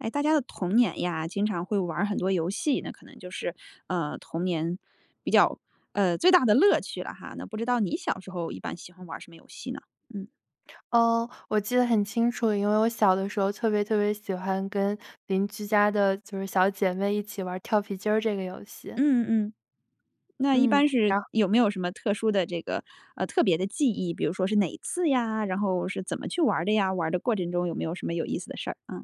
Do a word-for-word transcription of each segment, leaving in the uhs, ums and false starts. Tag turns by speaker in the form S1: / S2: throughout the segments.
S1: 哎，大家的童年呀，经常会玩儿很多游戏，那可能就是，呃，童年比较呃，最大的乐趣了哈，那不知道你小时候一般喜欢玩儿什么游戏呢？嗯。
S2: 呃，我记得很清楚，因为我小的时候特别特别喜欢跟邻居家的就是小姐妹一起玩跳皮筋儿这个游戏。
S1: 嗯嗯嗯。那一
S2: 嗯，
S1: 般是
S2: 然
S1: 有没有什么特殊的这个呃，特别的记忆，比如说是哪次呀，然后是怎么去玩儿的呀？玩儿的过程中有没有什么有意思的事儿啊？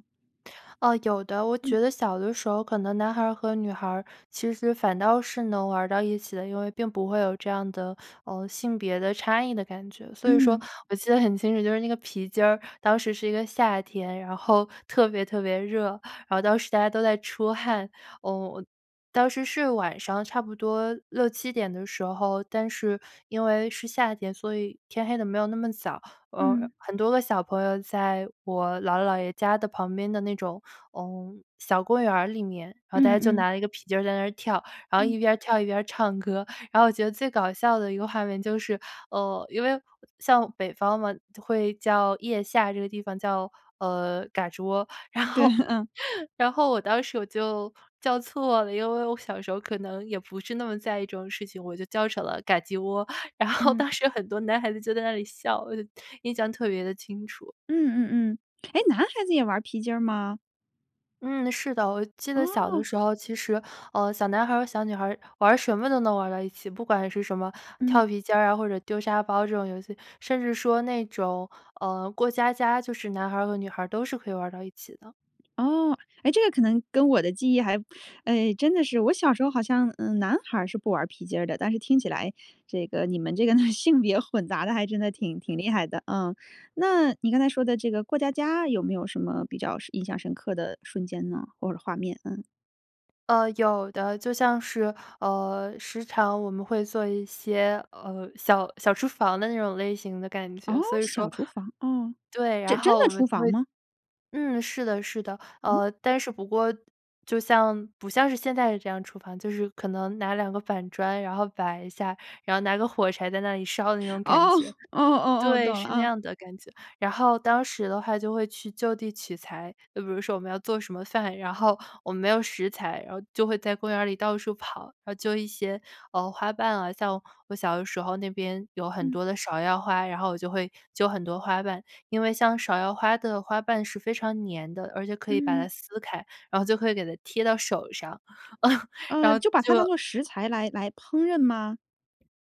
S2: 哦，有的，我
S1: 嗯。
S2: 觉得小的时候可能男孩儿和女孩儿其实反倒是能玩儿到一起的，因为并不会有这样的，呃，性别的差异的感觉，所以说
S1: 嗯。
S2: 我记得很清楚，就是那个皮筋儿当时是一个夏天，然后特别特别热，然后当时大家都在出汗，呃，我当时是晚上差不多六七点的时候，但是因为是夏天，所以天黑的没有那么早，呃，
S1: 嗯。
S2: 很多个小朋友在我姥姥姥爷家的旁边的那种，呃，小公园儿里面，然后大
S1: 嗯
S2: 家
S1: 嗯
S2: 就
S1: 嗯。
S2: 拿了一个皮筋在那儿跳，然后
S1: 嗯。
S2: 一边儿跳一边儿唱歌。然后我觉得最搞笑的一个画面就是呃，因为像北方嘛会叫腋下这个地方叫，呃，嘎吱窝，然
S1: 对，
S2: 后
S1: 嗯。
S2: 然后我当时我就叫错了，因为我小时候可能也不是那么在意这种事情，我就叫成了噶叽窝。然后
S1: 嗯。
S2: 当时很多男孩子就在那里笑，我就印象特别地清楚。
S1: 嗯嗯嗯，诶，男孩子也玩儿皮筋儿吗？
S2: 嗯，是的，我记得小的
S1: 哦。
S2: 时候，其实，呃，小男孩儿和小女孩儿玩什么都能玩儿到一起，不管是什么
S1: 嗯。
S2: 跳皮筋儿啊或者丢沙包这种游戏，甚至说那种，呃，过家家就是男孩儿和女孩儿都是可以玩儿到一起的。
S1: 哦，哎，这个可能跟我的记忆还哎，真的是我小时候好像，嗯，男孩儿是不玩皮筋儿的，但是听起来这个你们这个性别混杂得还真的挺挺厉害的。嗯，那你刚才说的这个过家家有没有什么比较是印象深刻的瞬间呢？或者画面，嗯。
S2: 呃，有的，就像是，呃，时常我们会做一些，呃，小小厨房的那种类型的感觉，
S1: 哦，
S2: 所以
S1: 小
S2: 说
S1: 厨房，哦，
S2: 对，
S1: 这
S2: 然
S1: 真
S2: 后我
S1: 的
S2: 们
S1: 厨
S2: 就
S1: 房
S2: 会
S1: 吗？
S2: 嗯，是的是的，
S1: 嗯？
S2: 呃，但是不过就像不像是现在这样厨房，就是可能拿两个板砖，然后摆一下，然后拿个火柴在那里烧的那种感
S1: 哦，
S2: 觉。
S1: 哦哦哦，懂
S2: 对，
S1: 了，
S2: 是那
S1: 啊。
S2: 样的感觉，然后当时的话就会去就地取材，就比如说我们要做什么饭，然后我们没有食材，然后就会在公园儿里到处跑，然后揪一些，呃，花瓣啊，像我小的时候那边有很
S1: 嗯。
S2: 多的芍药花，然后我就会揪很多花瓣，因为像芍药花的花瓣是非常粘的，而且可以把它
S1: 嗯。
S2: 撕开，然后就可以给它贴到手上 然
S1: 呃，
S2: 后
S1: 就把它
S2: 就
S1: 当作食材来来烹饪吗？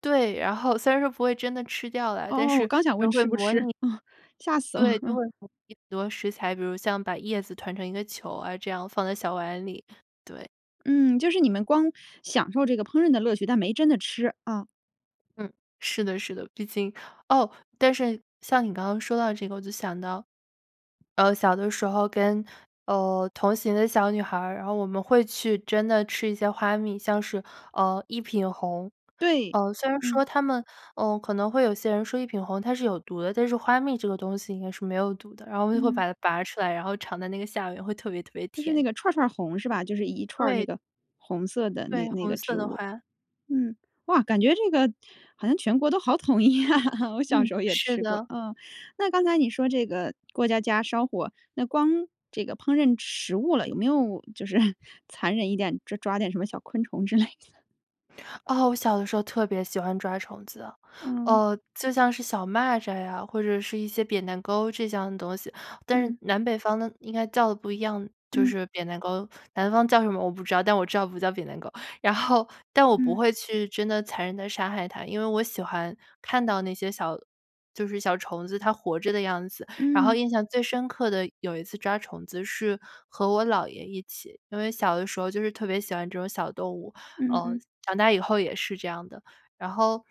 S2: 对，然后虽然说不会真的吃掉啦，但
S1: 哦。我
S2: 是
S1: 刚想问
S2: 都会
S1: 吃不
S2: 模
S1: 吃，
S2: 拟
S1: 嗯，吓死了，
S2: 对，都
S1: 嗯。
S2: 会模拟很多食材。比如像把叶子团成一个球啊，这样放在小碗里，对。
S1: 嗯，就是你们光享受这个烹饪的乐趣，但没真的吃，啊。
S2: 嗯，是的是的，毕竟哦，但是像你刚刚说到这个我就想到，呃，小的时候跟，呃，同行的小女孩儿然后我们会去真的吃一些花蜜像是，呃，一品红。
S1: 对。
S2: 呃，虽然
S1: 嗯。
S2: 说它们，呃，可能会有些人说一品红它是有毒的，但是花蜜这个东西应该是没有毒的，然后我们就会
S1: 嗯。
S2: 把它拔出来然后尝它那个下边会特别特别
S1: 就是
S2: 甜。
S1: 那个串儿串儿红是吧？就是一串儿那
S2: 对。
S1: 个红色的那
S2: 对，
S1: 那
S2: 红
S1: 个
S2: 色
S1: 植
S2: 的
S1: 物。
S2: 花。
S1: 嗯，哇，感觉这个好像全国都好统一啊，我小时
S2: 嗯，
S1: 候也
S2: 是
S1: 吃过，
S2: 的。
S1: 嗯。那刚才你说这个过家家烧火，那光这个烹饪食物了，有没有就是 残忍一点抓抓点什么小昆虫之类的？
S2: 哦，我小的时候特别喜欢抓虫子。
S1: 哦。
S2: 呃，就像是小蚂蚱呀，或者是一些扁担勾这样的东西，但是
S1: 嗯。
S2: 南北方的应该叫的不一样，就
S1: 嗯。
S2: 是扁担勾，南方叫什么我不知道，但我知道不叫扁担勾。然后，但我不
S1: 嗯。
S2: 会去真的残忍地杀害它，因为我喜欢看到那些小就是小虫子它活着的样子。然后
S1: 嗯。
S2: 印象最深刻的有一次抓虫子是和我姥爷一起。因为小的时候就是特别喜欢这种小动物，
S1: 嗯
S2: 呃，
S1: 嗯。
S2: 长大以后也是这样的。然后，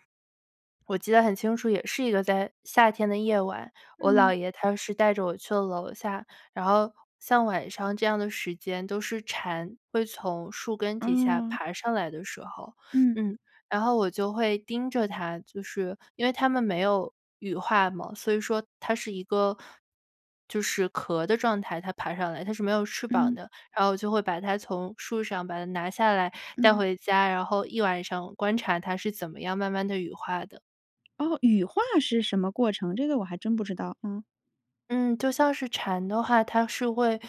S2: 我记得很清楚，也是一个在夏天的夜晚，我
S1: 嗯。
S2: 姥爷他是带着我去了楼下，然后像晚上这样的时间都是蝉会从树根底下
S1: 哦。
S2: 爬上来的时候，
S1: 嗯。
S2: 嗯，然后我就会盯着它，就是因为它们没有羽化嘛，所以说它是一个就是壳的状态，它爬上来它是没有翅膀
S1: 嗯。
S2: 的，然后就会把它从树上把它拿下来带
S1: 嗯。
S2: 回家，然后一晚上观察它是怎么样慢慢地羽化的。
S1: 哦。羽化是什么过程？这个我还真不知道，嗯。
S2: 嗯，就像是蝉的话，它是会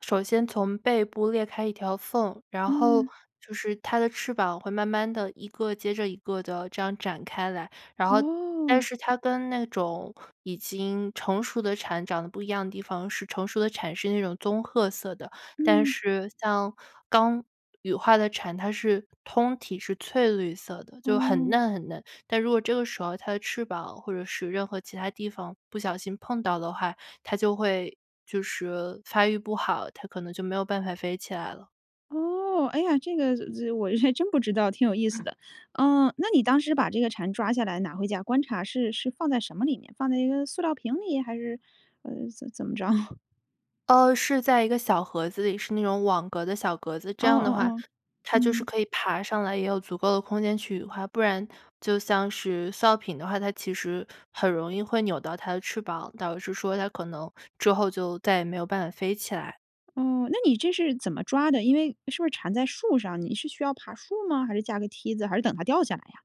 S2: 首先从背部裂开一条缝，然后
S1: 嗯。
S2: 就是它的翅膀会慢慢地一个接着一个地这样展开来。然后，但
S1: 哦。
S2: 是它跟那种已经成熟的蝉长得不一样的地方是成熟的蝉是那种棕褐色的，但
S1: 嗯。
S2: 是像刚羽化的蝉，它是通体是翠绿色的，就很
S1: 哦。
S2: 嫩很嫩。但如果这个时候它的翅膀，或者是任何其它地方不小心碰到的话，它就会就是发育不好，它可能就没有办法飞起来了。
S1: 哦，哎呀这个，我还真不知道挺有意思
S2: 嗯。
S1: 的。呃，那你当时把这个蝉抓下来拿回家观察是是放在什么里面？放在一个塑料瓶里？还是，呃，怎么怎么着？
S2: 哦，是在一个小盒子里，是那种网格的小格子。这
S1: 哦
S2: 样
S1: 哦
S2: 的话，
S1: 哦，
S2: 它就是
S1: 嗯。
S2: 可以爬上来，也有足够的空间去羽化。不然就像是塑料瓶的话，它其实很容易会扭到它的翅膀，导致说它可能之后就再也没有办法飞起来。
S1: 哦，那你这是怎么抓的？因为是不是蝉在树上，你是需要爬树吗？还是架个梯子？还是等它掉下来呀？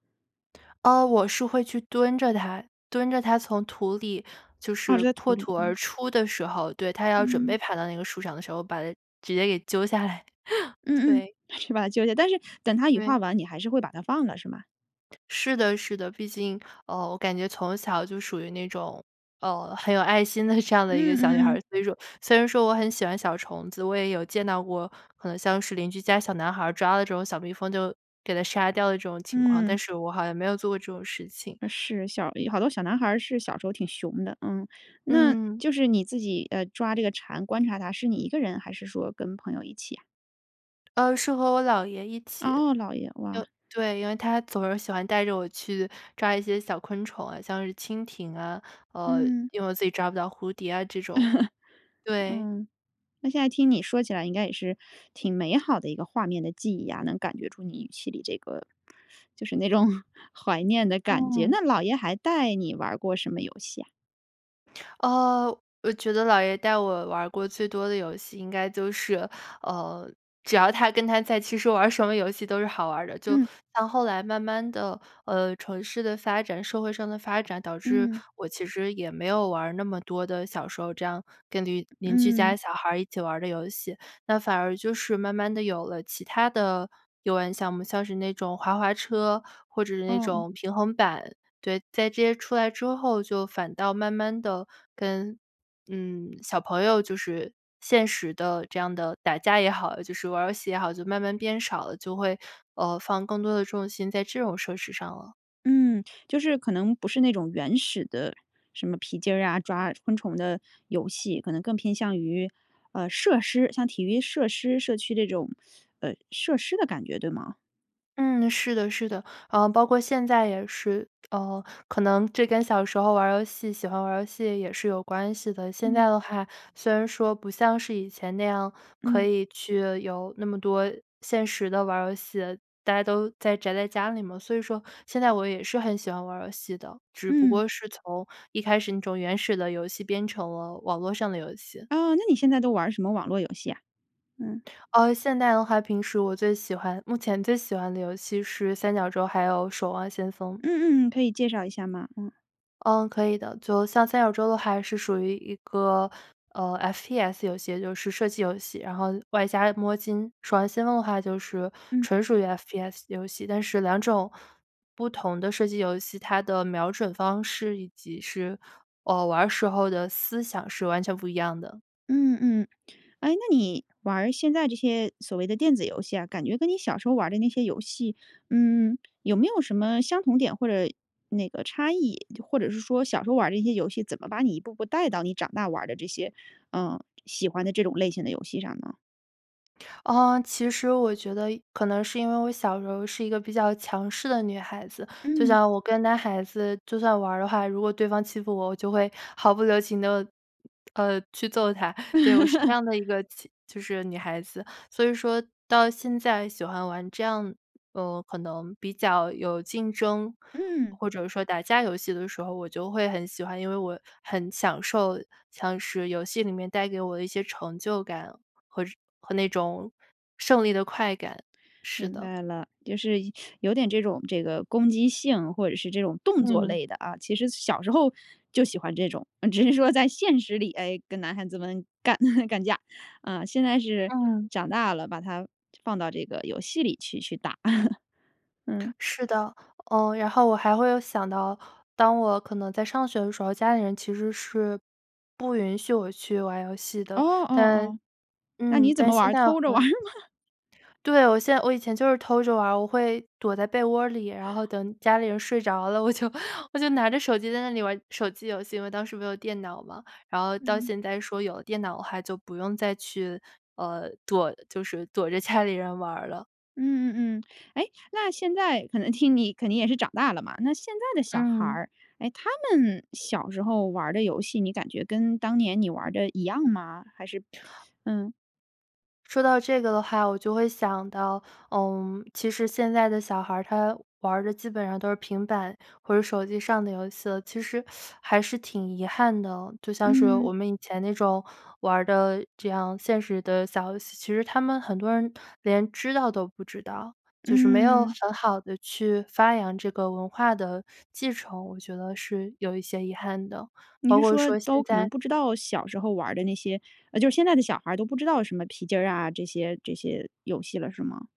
S2: 哦，我是会去蹲着它，蹲着它从土里就
S1: 啊，是
S2: 是
S1: 在土
S2: 破
S1: 里，
S2: 土而
S1: 嗯。
S2: 出的时候。对，它要准
S1: 嗯。
S2: 备爬到那个树上的时候，把它直接给揪下来，
S1: 嗯嗯。
S2: 对。
S1: 是把它揪下来。但是等它羽化
S2: 对。
S1: 完，你还是会把它放了是吗？
S2: 是的是的，毕竟，呃，我感觉从小就属于那种，呃，很有爱心的这样的一个
S1: 嗯
S2: 小女孩
S1: 嗯嗯。
S2: 儿。所以说虽然说我很喜欢小虫子，我也有见到过，可能像是邻居家小男孩儿抓的这种小蜜蜂就给它杀掉的这种情况，
S1: 嗯。
S2: 但是我好像没有做过这种事情。
S1: 是，小有好多小男孩儿是小时候挺熊的，嗯。那
S2: 嗯。
S1: 就是你自己，呃，抓这个蝉观察它是你一个人还是说跟朋友一起呀？
S2: 呃，是和我姥爷一起，
S1: 哦，姥爷，
S2: 就
S1: 哇。
S2: 对，因为他总是喜欢带着我去抓一些小昆虫啊，像是蜻蜓啊，呃，
S1: 嗯。
S2: 因为我自己抓不到蝴蝶啊这种，对。
S1: 嗯。那现在听你说起来应该也是，挺美好的一个画面的记忆啊，能感觉出你语气里这个，就是那种怀念的感觉。
S2: 嗯。
S1: 那姥爷还带你玩儿过什么游戏啊？
S2: 呃，我觉得姥爷带我玩儿过最多的游戏，应该就是，呃，只要他跟他在其实玩儿什么游戏都是好玩儿的。就
S1: 嗯。
S2: 像后来慢慢地，呃，城市的发展、社会上的发展，导致
S1: 嗯。
S2: 我其实也没有玩儿那么多的小时候这样跟邻邻居家
S1: 嗯。
S2: 小孩儿一起玩儿的游戏，那反而就是慢慢地有了其它的游玩项目，像是那种滑滑车或者是
S1: 哦，
S2: 那
S1: 哦。
S2: 种平衡板，对，在这些出来之后，就反倒慢慢地跟嗯，小朋友就是现实的这样的，打架也好，就是玩儿游戏也好，就慢慢变少了，就会，呃，放更多的重心在这种设施上了。
S1: 嗯。就是可能不是那种原始的什么皮筋儿啊，抓昆虫的游戏，可能更偏向于呃，设施，像体育设施社区这种 呃，设施的感觉，对吗？
S2: 嗯，是的，是的。呃，包括现在也是，呃，可能这跟小时候玩儿游戏喜欢玩儿游戏也是有关系的。现在
S1: 嗯。
S2: 的话，虽然说不像是以前那样，可
S1: 嗯。
S2: 以去有那么多现实地玩儿游戏，大家都在宅在家里嘛，所以说现在我也是很喜欢玩儿游戏的，只不
S1: 嗯。
S2: 过是从一开始那种原始的游戏变成了网络上的游戏。
S1: 哦，那你现在都玩儿什么网络游戏呀？嗯。
S2: 呃，现在的话平时我最喜欢目前最喜欢的游戏是《三角洲》，还有《守望先锋》。
S1: 嗯嗯嗯，可以介绍一下吗？嗯。
S2: 嗯，可以的，就像三角洲的话是属于一个呃，F-P-S 游戏，就是射击游戏，然后外加摸金。守望先锋的话就是
S1: 嗯。
S2: 纯属于 F-P-S 游戏，但是两种不同的射击游戏，它的瞄准方式以及是呃，玩儿时候的思想是完全不一样的。
S1: 嗯嗯，诶，那你玩儿现在这些所谓的电子游戏啊，感觉跟你小时候玩儿的那些游戏，嗯，有没有什么相同点或者那个差异，就或者是说小时候玩儿的这些游戏怎么把你一步步带到你长大玩儿的这些呃，喜欢的这种类型的游戏上呢？
S2: 嗯，其实我觉得一可能是因为我小时候是一个比较强势的女孩子，就
S1: 嗯。
S2: 像我跟男孩子就算玩儿的话，如果对方欺负我，我就会毫不留情地呃，去揍他。对，我是这 样的一个就就是女孩子。所以说到现在喜欢玩这样，呃，可能比较有竞争，
S1: 嗯。
S2: 或者说打架游戏的时候，我就会很喜欢。因为我很享受像是游戏里面带给我的一些成就感，和这和那种胜利的快感，是
S1: 明
S2: 的。
S1: 白了，就是有点这种这个攻击性，或者是这种动作
S2: 嗯。
S1: 类的啊，其实小时候就喜欢这种，嗯，只是说在现实里，哎，跟男孩子们干 干架，啊，现在是
S2: 嗯。
S1: 长大了，把它放到这个游戏里去去打。嗯。
S2: 是的。呃，然后我还会有想到，当我可能在上学的时候，家里人其实是不允许我去玩游戏
S1: 哦
S2: 的，
S1: 哦
S2: 但
S1: 哦，那
S2: 嗯，
S1: 你怎么
S2: 但
S1: 玩
S2: 现
S1: 儿？
S2: 在
S1: 偷着玩儿
S2: 很
S1: 吗？
S2: 对，我现我以前就是偷着玩儿，我会躲在被窝儿里，然后等家里人睡着了，我就我就拿着手机在那里玩手机游戏，因为当时没有电脑嘛。然后到
S1: 嗯。
S2: 现在说有了电脑的话就不用再去呃，躲就是躲着家里人玩儿了。
S1: 嗯嗯嗯，诶，那现在可能听你肯定也是长大了嘛，那现在的小孩
S2: 嗯。
S1: 儿，哎，他们小时候玩儿的游戏，你感觉跟当年你玩儿的一样吗？还是嗯。
S2: 说到这个的话，我就会想到，呃，其实现在的小孩儿他玩儿的基本上都是平板或者手机上的游戏了，其实 还是挺遗憾的。就像是我
S1: 嗯。
S2: 们以前那种玩儿的这样现实的小游戏，其实他们很多人连知道都不知道，就是没有
S1: 嗯。
S2: 很好地去发扬这个文化的继承，我觉得是有一些遗憾的。
S1: 你
S2: 包
S1: 是
S2: 括
S1: 说
S2: 说现
S1: 都可能
S2: 在
S1: 不知道小时候玩儿的那些呃，就是现在的小孩儿都不知道什么皮筋儿啊这些这些游戏了是吗？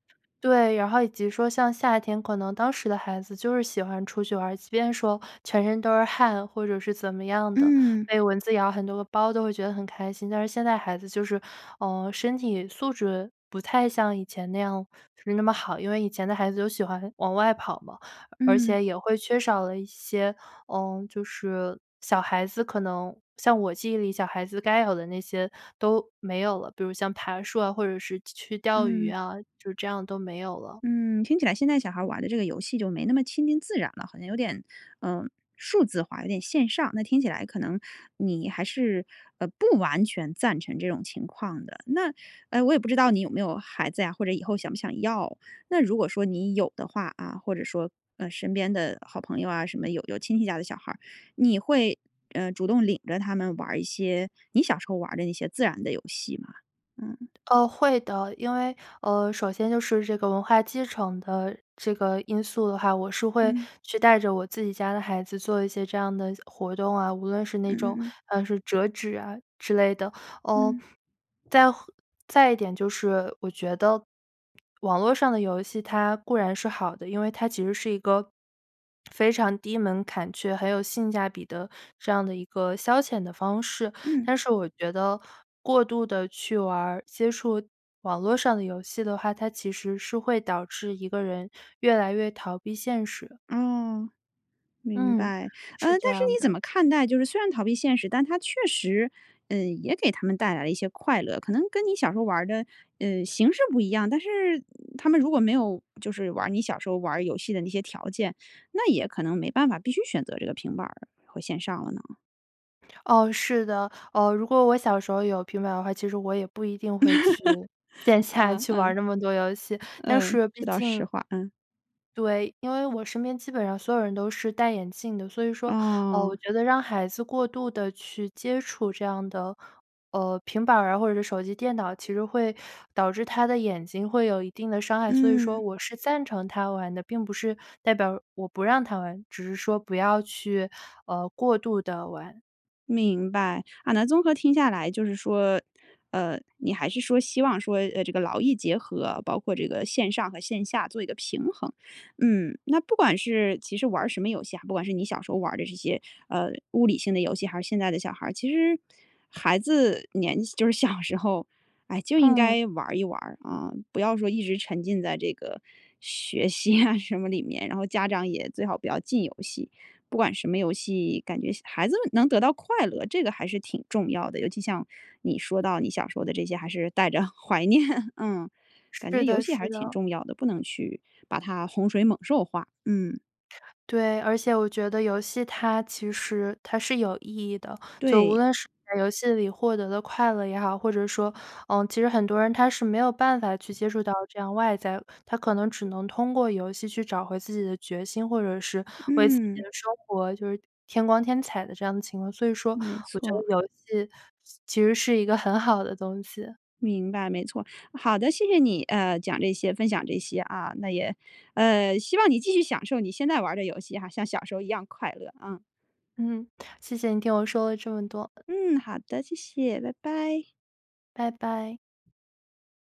S2: 对，然后以及说像夏天，可能当时的孩子就是喜欢出去玩儿，即便说全身都是汗或者是怎么样的，
S1: 嗯。
S2: 被蚊子咬很多个包都会觉得很开心。但是现在孩子就是，呃，身体素质不太像以前那样是那么好，因为以前的孩子都喜欢往外跑嘛，而
S1: 嗯。
S2: 且也会缺少了一些，呃，就是小孩子可能像我记忆里小孩子该有的那些都没有了。比如像爬树啊或者是去去钓鱼
S1: 嗯。
S2: 啊，就这样都没有了。
S1: 嗯，听起来现在小孩儿玩的这个游戏就没那么亲近自然了。好像有点，呃，数字化有点线上，那听起来可能你还是，呃，不完全赞成这种情况的。那，呃，我也不知道你有没有孩子呀或者以后想不想要，那如果说你有的话啊，或者说，呃，身边的好朋友啊什么有有亲戚家的小孩儿，你会，呃，主动领着他们玩儿一些你小时候玩儿的那些自然的游戏吗？嗯。
S2: 哦，会的。因为，呃，首先就是这个文化继承的这个因素的话，我是会
S1: 嗯。
S2: 去带着我自己家的孩子做一些这样的活动啊，无论是那
S1: 嗯
S2: 种，
S1: 嗯嗯。
S2: 呃，是折纸啊之类的。呃，
S1: 嗯。
S2: 再后再一点就是我觉得网络上的游戏它固然是好的，因为它其实是一个非常低门槛却很有性价比的这样的一个消遣的方式，
S1: 嗯。
S2: 但是我觉得，过度地去玩儿，接触网络上的游戏的话，它其实是会导致一个人越来越逃避现实。
S1: 哦，明
S2: 嗯，
S1: 白。呃，
S2: 是
S1: 但
S2: 这
S1: 是
S2: 样
S1: 你怎
S2: 的。
S1: 么看待就是虽然逃避现实，但它确实，嗯，也给他们带来了一些快乐，可能跟你小时候玩儿的，呃，形式不一样，但是他们如果没有就是玩儿你小时候玩儿游戏的那些条件，那也可能没办法必须选择这个平板儿和线上了呢？
S2: 哦，是的，哦，如果我小时候有平板的话，其实我也不一定会去线 下
S1: 嗯
S2: 去玩儿
S1: 嗯。
S2: 那么多游戏，但
S1: 嗯，
S2: 是
S1: 这
S2: 毕
S1: 倒实
S2: 竟
S1: 话。嗯。
S2: 对，因为我身边基本上所有人都是戴眼镜的，所以说，呃，我
S1: 哦。
S2: 觉得让孩子过度地去接触这样的呃，平板儿啊或者是手机电脑，其实会导致他的眼睛会有一定的伤害，所以说
S1: 嗯。
S2: 我是赞成他玩的，并不是代表我不让他玩，只是说不要去，呃，过度地玩。
S1: 明白。啊那综合听下来就是说，呃，你还是说希望说，呃，这个劳逸结合，包括这个线上和线下做一个平衡。嗯，那不管是其实玩儿什么游戏啊，不管是你小时候玩儿的这些，呃，物理性的游戏还是现在的小孩儿，其实孩子年纪就是小时候，哎，就应
S2: 嗯。
S1: 该玩儿一玩儿啊，不要说一直沉浸在这个学习啊 什么里面，然后家长也最好不要禁游戏。不管什么游戏，感觉孩子们能得到快乐，这个还是挺重要的，尤其像你说到你小时候的这些，还是带着怀念。嗯，感觉
S2: 是
S1: 游
S2: 的
S1: 戏还是
S2: 是
S1: 挺
S2: 的。
S1: 重要的，不能去把它洪水猛兽化。嗯。
S2: 对，而且我觉得游戏它其实它是有意义的，就无
S1: 对。
S2: 论是在游戏里获得的快乐也好，或者说，呃，其实很多人他是没有办法去接触到这样外在的，他可能只能通过游戏去找回自己的决心，或者是为自己
S1: 嗯。
S2: 的生活就是添光添彩的这样的情况，所以说
S1: 没
S2: 我觉得
S1: 错。
S2: 游戏其实是一个很好的东西。
S1: 明白，没错。好的，谢谢你，呃，讲这些、分享这些啊。那也，呃，希望你继续享受你现在玩儿的游戏哈，像小时候一样快乐啊。
S2: 嗯，谢谢你听我说了这么多。
S1: 嗯，好的。谢谢，拜拜。
S2: 拜拜。